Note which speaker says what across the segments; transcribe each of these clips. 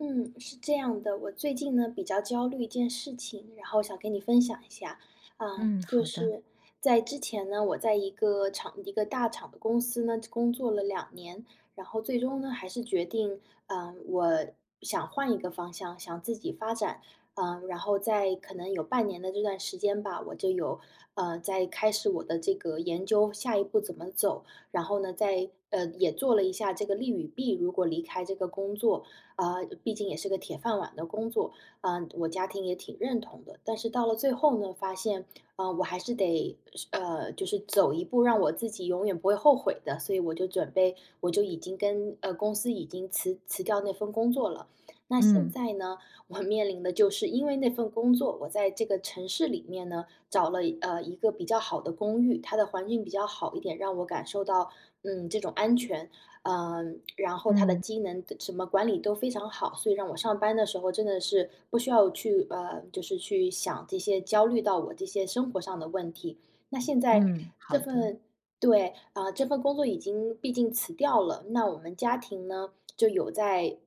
Speaker 1: 嗯，是这样的，我最近呢比较焦虑一件事情，然后想跟你分享一下。呃，
Speaker 2: 嗯，
Speaker 1: 就
Speaker 2: 好的。
Speaker 1: 是，在之前呢，我在一个厂一个大厂的公司呢工作了2年，然后最终呢，还是决定，呃，我想换一个方向，想自己发展。呃，然后在可能有半年的这段时间吧，我就有，呃，在开始我的这个研究下一步怎么走。然后呢在呃，也做了一下这个利与弊，如果离开这个工作。呃，毕竟也是个铁饭碗的工作，呃，我家庭也挺认同的。但是到了最后呢，发现，呃，我还是得，是呃，就是走一步，让我自己永远不会后悔的，所以我就准备，我就已经跟，呃，公司已经辞辞掉那份工作了。那现
Speaker 2: 嗯。
Speaker 1: 在呢，我面临的就是因为那份工作，我在这个城市里面呢，找了一呃，一个比较好的公寓，它的环境比较好一点，让我感受到，嗯，这种安全，呃，然后它的
Speaker 2: 嗯。
Speaker 1: 机能什么管理都非常好，所以让我上班的时候真的是不需要去，呃，就是去想这些焦虑到我这些生活上的问题。那现在
Speaker 2: 嗯，
Speaker 1: 这
Speaker 2: 好的。
Speaker 1: 份，对，呃，这份工作已经毕竟辞掉了，那我们家庭呢，就有在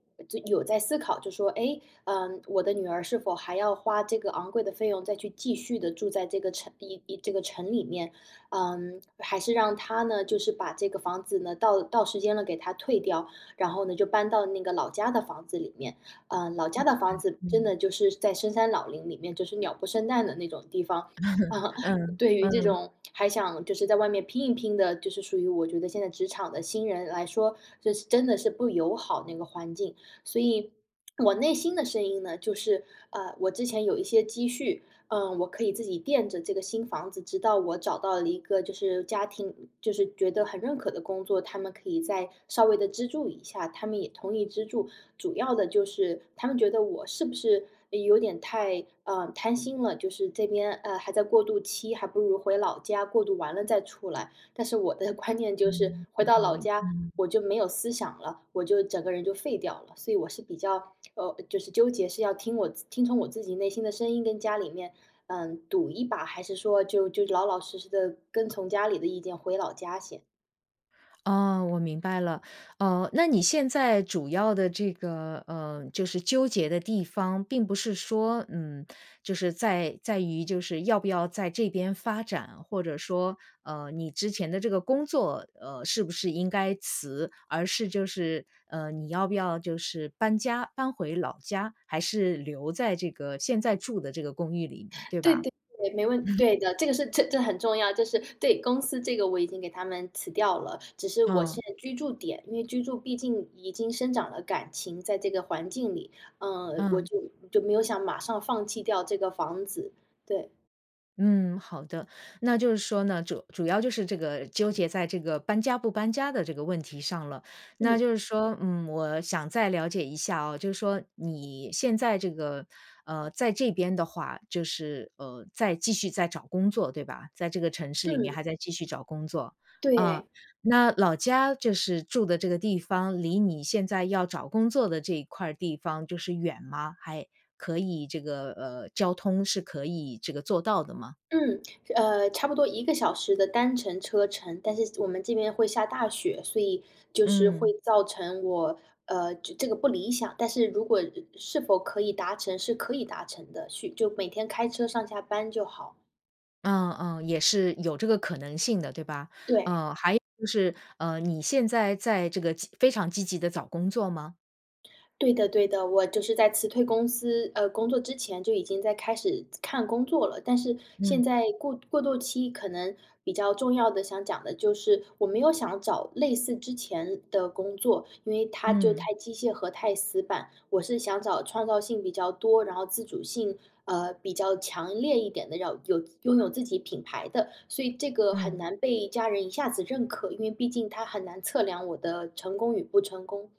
Speaker 1: 有在思考，就说：“诶，呃，我的女儿是否还要花这个昂贵的费用再去继续地住在这个城一一这个城里面，嗯，还是让她呢，就是把这个房子呢，到到时间了给它退掉，然后呢，就搬到那个老家的房子里面。“呃，老家的房
Speaker 2: [unintelligible]
Speaker 1: 子真
Speaker 2: 嗯。
Speaker 1: 的就是在深山老林里面，就是鸟不生蛋的那种地方。
Speaker 2: 嗯，
Speaker 1: 对于这
Speaker 2: 嗯。
Speaker 1: 种还想就是在外面拼一拼的，就是属于我觉得现在职场的新人来说，就是真的是不友好那个环境。所以 我内心的声音呢，就是，呃，我之前有一些积蓄，呃，我可以自己垫着这个新房子，直到我找到了一个就是家庭就是觉得很认可的工作，他们可以再稍微地资助一下。他们也同意资助，主要的就是他们觉得我是不是有点太，呃，贪心了，就是这边，呃，还在过渡期，还不如回老家过渡完了再出来。但是我的观念就是
Speaker 2: 嗯，
Speaker 1: 回
Speaker 2: 有
Speaker 1: 到
Speaker 2: 道
Speaker 1: 老
Speaker 2: 理，
Speaker 1: 家，
Speaker 2: 嗯。
Speaker 1: 我就没有思想了，我就整个人就废掉了。所以我是比较，呃，就是纠结，是要听我自听从我自己内心的声音跟家里面，呃，赌一把，还是说就就老老实实地跟从家里的意见回老家先。
Speaker 2: 啊，我明白了，呃，那你现在主要的这个，呃，就是纠结的地方并不是说，嗯，就是在在于就是要不要在这边发展，或者说，呃，你之前的这个工作，呃，是不是应该辞？而是就是，呃，你要不要就是搬家，搬回老家，还是留在这个现在住的这个公寓里，对
Speaker 1: 对
Speaker 2: 吧？
Speaker 1: 对对，没问题 对的，这个是这这很重要，这是对公司这个我已经给他们辞掉了，只是我
Speaker 2: 嗯。
Speaker 1: 现在居住点，因为居住毕竟已经生长了感情在这个环境里，呃，我
Speaker 2: 嗯。
Speaker 1: 就就没有想马上放弃掉这个房子。对。
Speaker 2: 嗯，好的，那就是说呢，主主要就是这个纠结在这个搬家不搬家的这个问题上了。那
Speaker 1: 嗯。
Speaker 2: 就是说，嗯，我想再了解一下啊，就是说你现在这个，呃，在这边的话，就是，呃，在继续在找工作，对吧？在这个城市里面
Speaker 1: 嗯。
Speaker 2: 还在继续找工作，呃，
Speaker 1: 对。
Speaker 2: 那老家就是住的这个地方离你现在要找工作的这一块儿地方就是远吗？还，可以这个呃，交通是可以这个做到的吗？
Speaker 1: 嗯，呃，差不多1个小时的单程车程，但是我们这边会下大雪，所以就是会
Speaker 2: 嗯。
Speaker 1: 造成我，呃，这这个不理想。但是如果，呃，是否可以达成，是可以达成的，去就每天开车上下班就好。
Speaker 2: 嗯嗯，也是有这个可能性的，对吧？
Speaker 1: 对。
Speaker 2: 哦，还有就是，呃，你现在在这个积非常积极地找工作吗？
Speaker 1: 对的对的。我就是在辞退公司呃，工作之前，就已经在开始看工作了。但是现
Speaker 2: 嗯。
Speaker 1: 在过过渡期可能比较重要的想讲的就是我没有想找类似之前的工作，因为它就
Speaker 2: 嗯。
Speaker 1: 太机械和太死板。我是想找创造性比较多，然后自主性，呃，比较强烈一点的，要有拥有自己品牌的。所以这个很
Speaker 2: 嗯。
Speaker 1: 难被家人一下子认可，因为毕竟它很难测量我的成功与不成功。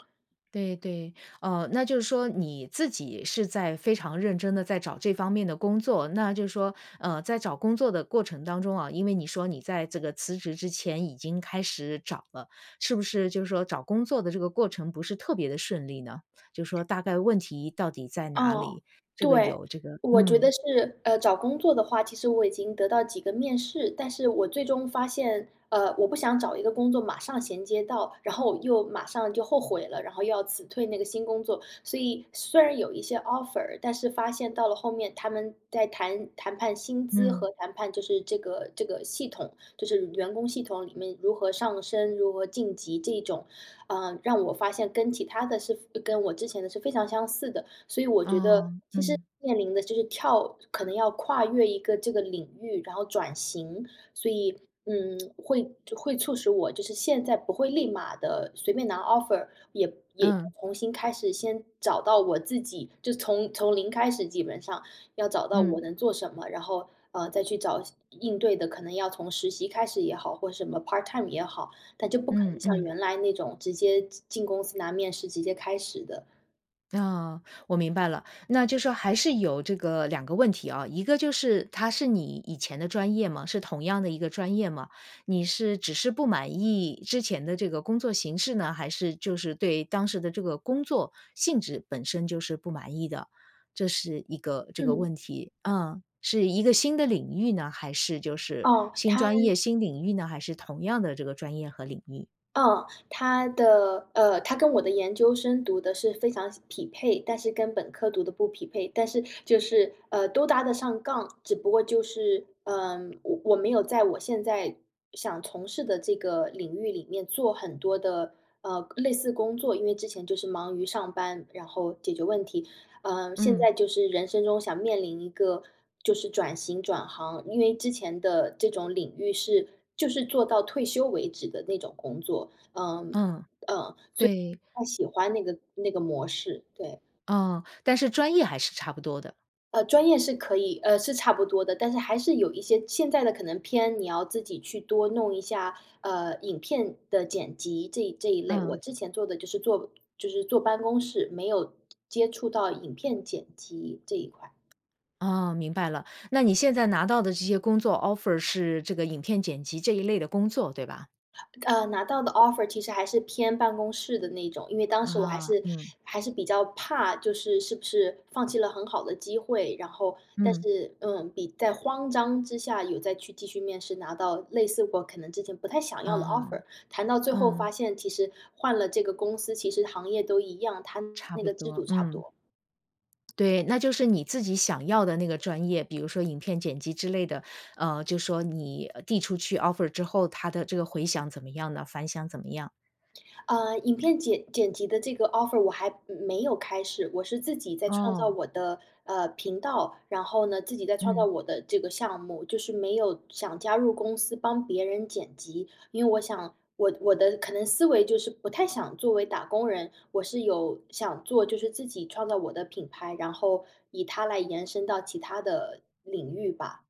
Speaker 2: 对，对。哦，那就是说你自己是在非常认真地在找这方面的工作，那就是说，呃，在找工作的过程当中啊，因为你说你在这个辞职之前已经开始找了，是不是就是说找工作的这个过程不是特别地顺利呢？就说大概问题到底在哪
Speaker 1: 哦，
Speaker 2: 里？这个
Speaker 1: 对。
Speaker 2: 有这个
Speaker 1: 我觉得
Speaker 2: 嗯。
Speaker 1: 是呃，找工作的话，其实我已经得到几个面试，但是我最终发现，呃，我不想找一个工作马上衔接到，然后我又马上就后悔了，然后又要辞退那个新工作。所以虽然有一些 offer，但是发现到了后面，他们在谈谈判薪资
Speaker 2: 嗯。
Speaker 1: 和谈判就是这个这个系统就是员工系统里面如何上升、如何晋级这种。呃，让我发现跟其它的是跟我之前的是非常相似的。所以我觉得
Speaker 2: 哦，
Speaker 1: 其实
Speaker 2: 嗯。
Speaker 1: 面临的就是跳可能要跨越一个这个领域，然后转型。所以，嗯，会会促使我就是现在不会立马地随便拿 offer，也也
Speaker 2: 嗯。
Speaker 1: 重新开始先找到我自己，就从从零开始基本上，要找到我
Speaker 2: 嗯。
Speaker 1: 能做什么，然后，呃，再去找相应对的可能要从实习开始也好，或什么 part time 也好，但就不可
Speaker 2: 嗯
Speaker 1: 能像
Speaker 2: 嗯。
Speaker 1: 原来那种直接进进公司拿面试，直接开始的。
Speaker 2: 啊，我明白了，那就说还是有这个两个问题啊，一个就是它是你以前的专业吗，是同样的一个专业吗？你是只是不满意之前的这个工作形式呢，还是就是对当时的这个工作性质本身就是不满意的？这是一个这个
Speaker 1: 嗯。
Speaker 2: 问题。嗯，是一个新的领域呢，还是就是
Speaker 1: 哦，
Speaker 2: 新
Speaker 1: 它
Speaker 2: 专业新领域呢，还是同样的这个专业和领域？
Speaker 1: 哦，它的，呃，它跟我的研究生读的是非常相匹配，但是跟本科读的不匹配。但是就是，呃，都搭得上杠，只不过就是，呃，我我没有在我现在，想从事的这个领域里面做很多的，呃，类似工作。因为之前就是忙于上班，然后解决问题，呃，现
Speaker 2: 嗯。
Speaker 1: 在就是人生中想面临一个就是转型、转行。因为之前的这种领域是，就是做到退休为止的那种工作，嗯，呃，所以
Speaker 2: 嗯，对。
Speaker 1: 不太喜欢那个那个模式，对。
Speaker 2: 嗯，但是专业还是差不多的。
Speaker 1: 呃，专业是可以，呃，是差不多的。但是还是有一些现在的可能偏你要自己去多弄一下，呃，影片的剪辑这这一类。我
Speaker 2: 嗯。
Speaker 1: 之前做的就是坐就是坐办公室，没有接触到影片剪辑这一块。
Speaker 2: 哦，明白了。那你现在拿到的这些工作 offer 是这个影片剪辑这一类的工作，对吧？
Speaker 1: 呃，拿到的 offer 其实还是偏办公室的那种，因为当时我还
Speaker 2: 啊，
Speaker 1: 是
Speaker 2: 嗯。
Speaker 1: 还是比较怕就是是不是放弃了很好的机会。然后但
Speaker 2: 嗯。
Speaker 1: 是，嗯，比在慌张之下有再去继续面试，拿到类似我可能之前不太想要的
Speaker 2: 嗯，
Speaker 1: offer，谈到最后发
Speaker 2: 嗯。
Speaker 1: 现其实换了这个公司，其实行业都一样，它
Speaker 2: 差
Speaker 1: 那
Speaker 2: 不
Speaker 1: 个制
Speaker 2: 多，
Speaker 1: 度差不
Speaker 2: 嗯。
Speaker 1: 多。
Speaker 2: 对，那就是你自己想要的那个专业，比如说影片剪辑之类的，呃，就说你递出去 offer 之后，它的这个回响怎么样呢，反响怎么样？
Speaker 1: 呃，影片剪剪辑的这个 offer 我还没没有开始，我是自己在创造
Speaker 2: 哦。
Speaker 1: 我的，呃，频道。然后呢，自己在创造
Speaker 2: 嗯。
Speaker 1: 我的这个项目，就是没有想加入公司帮别人剪辑。因为我想，我我的可能思维就是不太想作为打工人，我是有想做就是自己创造我的品牌，然后以它来延伸到其它的领域吧。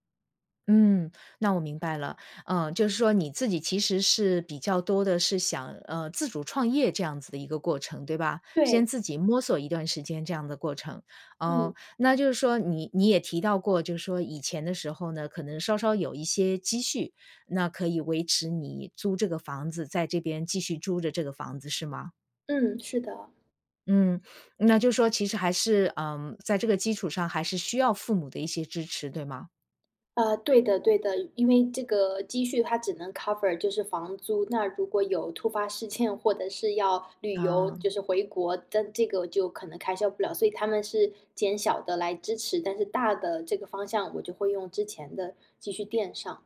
Speaker 2: 嗯，那我明白了。呃，就是说你自己其实是比较多地是想，呃，自主创业这样子的一个过程，对吧？先
Speaker 1: 对。
Speaker 2: 自己摸索一段时间这样的过程，
Speaker 1: 嗯。
Speaker 2: 呃，那就是说你你也提到过，就是说以前的时候呢，可能稍稍有一些积蓄，那可以维持你租这个房子在这边继续租着这个房子是吗？
Speaker 1: 嗯，是的。
Speaker 2: 嗯，那就是说其实还是嗯，在这个基础上还是需要父母的一些支持，对吗？
Speaker 1: 呃，对的对的。因为这个积蓄它只能 cover 就是房租，那如果有突发事件，或者是要旅游，
Speaker 2: 嗯。
Speaker 1: 就是回国，但这个就可能开销不了。所以他们是减小地来支持，但是大的这个方向我就会用之前的积蓄垫上。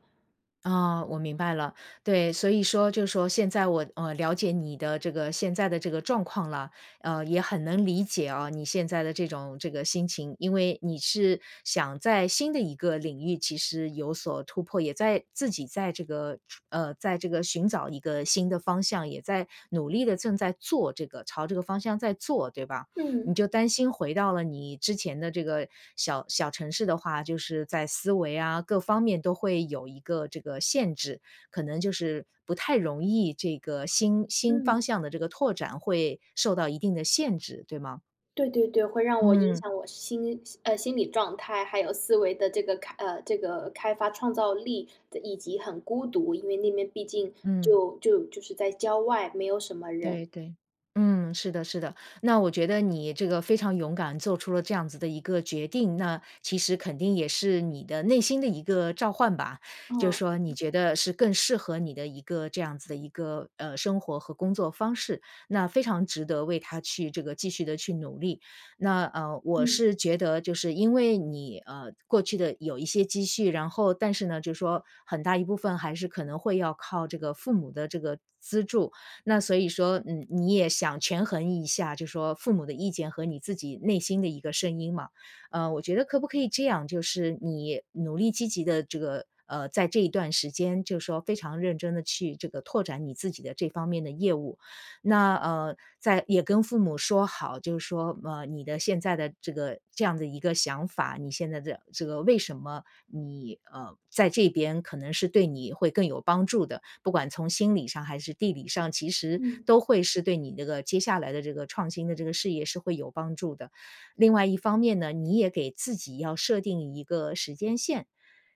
Speaker 2: 啊，我明白了。对，所以说就说现在我呃，了解你的这个现在的这个状况了，呃，也很能理解啊，你现在的这种这个心情。因为你是想在新的一个领域其实有所突破，也在自己在这个，呃，在这个寻找一个新的方向，也在努力地正在做这个朝这个方向在做，对吧？你
Speaker 1: 嗯。
Speaker 2: 就担心回到了你之前的这个小小城市的话，就是在思维啊，各方面都会有一个这个限制，可能就是不太容易这个新新方
Speaker 1: 嗯。
Speaker 2: 向的这个拓展会受到一定的限制，对吗？
Speaker 1: 对对对，会让我影
Speaker 2: 嗯。
Speaker 1: 响我心呃，心理状态，还有思维的这个开呃，这个开发创造力，以及很孤独，因为那边毕竟
Speaker 2: 嗯。
Speaker 1: 就就就是在郊外，没有什么人。
Speaker 2: 对对，嗯，是的是的，那我觉得你这个非常勇敢做出了这样子的一个决定，那其实肯定也是你的内心的一个召唤吧，就
Speaker 1: 哦，
Speaker 2: 说你
Speaker 1: 嗯。
Speaker 2: 觉得是更适合你的一个这样子的一个，呃，生活和工作方式，那非常值得为它去这个继续地去努力。那，呃，我
Speaker 1: 嗯。
Speaker 2: 是觉得就是因为你，呃，过去的有一些积蓄，然后但是呢，就说很大一部分还是可能会要靠这个父母的这个资助，那所以说，嗯，你也想权衡一下，就说父母的意见和你自己内心的一个声音嘛。呃，我觉得可不可以这样，就是你努力积极地这个呃，在这一段时间就说非常认真地去这个拓展你自己的这方面的业务，那，呃，再也跟父母说好，就说，呃，你的现在的这个这样的一个想法，你现在的这个，为什么你呃，在这边可能是对你会更有帮助的，不管从心理上还是地理上，其实
Speaker 1: 嗯。
Speaker 2: 都会是对你这个接下来的这个创新的这个事业是会有帮助的。另外一方面呢，你也给自己要设定一个时间线。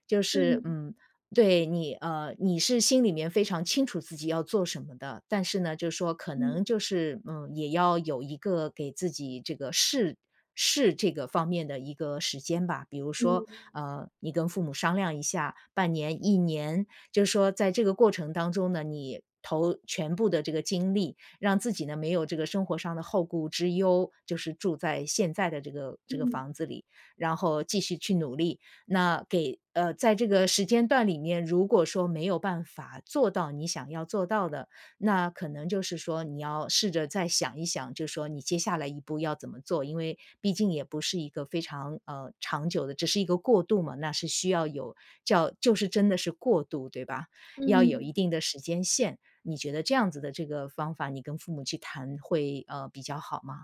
Speaker 2: 就是，
Speaker 1: 嗯。
Speaker 2: 嗯，对，你呃，你是心里面非常清楚自己要做什么的，但是呢，就说可
Speaker 1: 嗯。
Speaker 2: 能就是，嗯，也要有一个给自己这个试试这个方面的一个时间吧。比如说，
Speaker 1: 嗯。
Speaker 2: 呃，你跟父母商量一下，半年、1年，就说在这个过程当中呢，你投全部的这个精力，让自己呢没有这个生活上的后顾之忧，就是住在现在的这个这个
Speaker 1: 嗯。
Speaker 2: 房子里，然后继续去努力。那给呃，在这个时间段里面，如果说没有办法做到你想要做到的，那可能就是说你要试着再想一想，就说你接下来一步要怎么做，因为毕竟也不是一个非常，呃，长久的，只是一个过渡嘛，那是需要有叫就是真的是过渡，对吧？要有一
Speaker 1: 嗯。
Speaker 2: 定的时间线。你觉得这样子的这个方法，你跟父母去谈会，呃，比较好吗？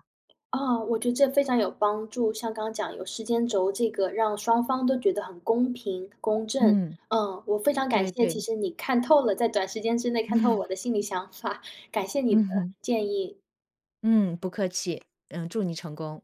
Speaker 1: 啊，我觉得这非常有帮助，像刚刚讲有时间轴这个让双方都觉得很公平、公正。
Speaker 2: 嗯。
Speaker 1: 呃，我非常感
Speaker 2: 对
Speaker 1: 谢其
Speaker 2: 对。
Speaker 1: 实你看透了在短时间之内看透了
Speaker 2: 嗯。
Speaker 1: 我的心里想法，感谢你
Speaker 2: 嗯
Speaker 1: 的
Speaker 2: 哼。
Speaker 1: 建议。
Speaker 2: 嗯，不客气，嗯，祝你成功。